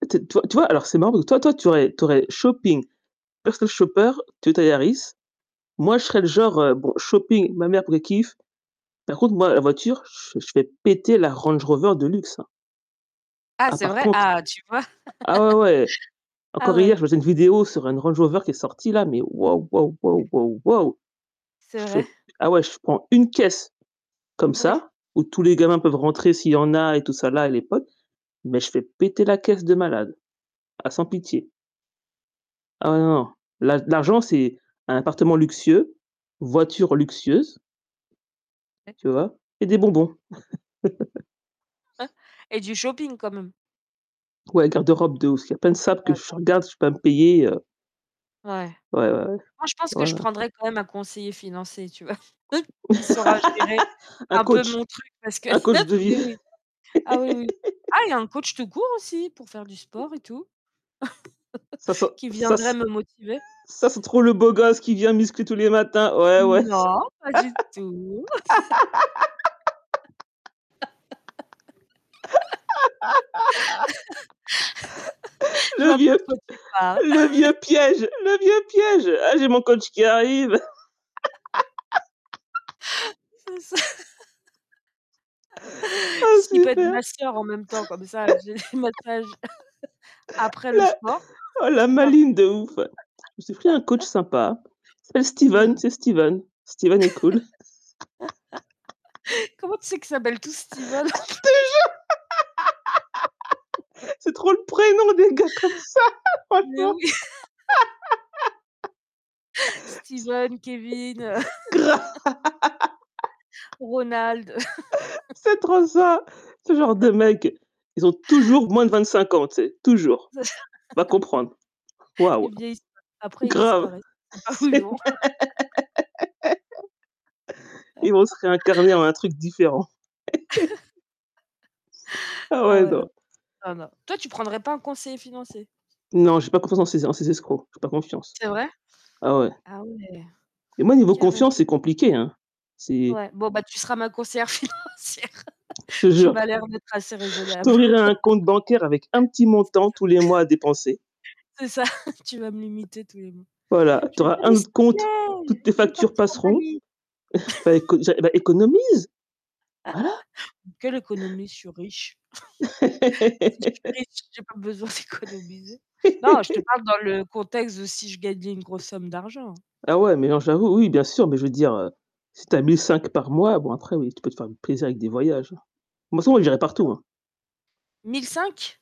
Peut être toi tu vois, alors c'est marrant parce que toi toi tu aurais tu aurais shopping, personal shopper, Toyota Yaris, moi je serai le genre, heu bon, shopping, ma mère pour qu'elle kiffe, par contre moi la voiture, je je fais péter la Range Rover de luxe, hein. Ah Ah c'est par vrai? contre Ah tu vois! ah ouais ouais. Ah Encore hier ouais. je me faisais une vidéo sur une Range Rover qui est sorti là, mais waouh, waouh, waouh, waouh, waouh! C'est Je vrai? fais ah ouais je prends 1 caisse comme Oui. ça, où tous les gamins peuvent rentrer s'il y en a et tout ça là, à l'époque, mais je fais péter la caisse de malade. Ah sans pitié. Ah ouais non, non. L'a l'argent c'est un appartement luxueux, voiture luxueuse. [unintelligible] Tu vois? Et des bonbons. S [unintelligible] et du shopping quand même. Ouais, garde-robe de ouf, il y a plein de sapes que Ouais je hyper bien. regarde, je peux pas me [unintelligible] payer, heu. Ouais. Ouais, ouais, ouais. Moi, je pense que Ouais, je ouais. prendrai quand même un conseiller financier, tu vois? Qui saura gérer Un un peu coach! mon truc parce que Un coach de ah mais vie. oui. Ah oui oui. Ah et un coach tout court aussi pour faire du sport et tout. Ça ça Qui ça c viendrait me motiver. ça c'est trop le beau gosse qui vient musclé tous les matins! Ouais, ouais. Non, pas du tout. Je Le vois pas vieux de quoi p tu parles. le vieux piège! Le vieux piège! «Ah, j'ai mon coach qui arrive.» C'est ça. Oh Si il peut être super! masseur en même temps comme ça j'ai le massage, après le La sport. oh la C'est parfait. maligne de ouf! «Je me suis pris un coach sympa. C'est Bah Steven, c'est oui. Steven. Steven est cool.» Comment tu sais qu'ils s'appellent tous Steven en Je plus? te jure! C'est trop le prénom des gars comme ça! Mais Franchement. oui. Steven, Kevin, heu C grave! Ronald, heu. C'est trop ça. Ce genre de mecs, ils ont toujours moins de C'est vingt ça. cinq ans, tu sais, toujours! C'est ça. Va comprendre. Waouh! Ils vieillissent pas. Après ils Grave! disparaissent. Tu sais pas où C'est le ils vont. même! Ils vont se réincarner en un truc différent. Ah Ah ouais ouais non. non, non non. Toi tu prendrais pas un conseiller financier? Non j'ai pas confiance en ces en ces escrocs. J'ai pas confiance. C'est vrai? Ah ouais Ah ouais. et moi niveau Carrément. confiance c'est compliqué, hein. C'est Ouais, bon bah, tu seras ma conseillère financière Je te Tu jure. m'as J l'air d'être assez je raisonnable. t'ouvrirai un compte bancaire avec un petit C'est montant ça. tous les mois à dépenser. C'est ça tu vas me limiter tous les mois. Voilà, tu Je vais te auras dire: «Mais un s'il autre te compte, plaît! toutes tes Je veux factures partir à passeront. Bali!» Bah éco j'a bah économise! Voilà. Quelle économie? Je suis riche. Si je suis riche, j'ai pas besoin d'économiser. Non, je te parle dans le contexte de si je gagnais une grosse somme d'argent. Ah ouais, mais non j'avoue, oui bien sûr, mais je veux dire, [unintelligible] heu, si tu as 1 500 par mois bon après oui, tu peux te faire plaisir avec des voyages. Moi c'est bon j'irais partout, [unintelligible] hein. 1500?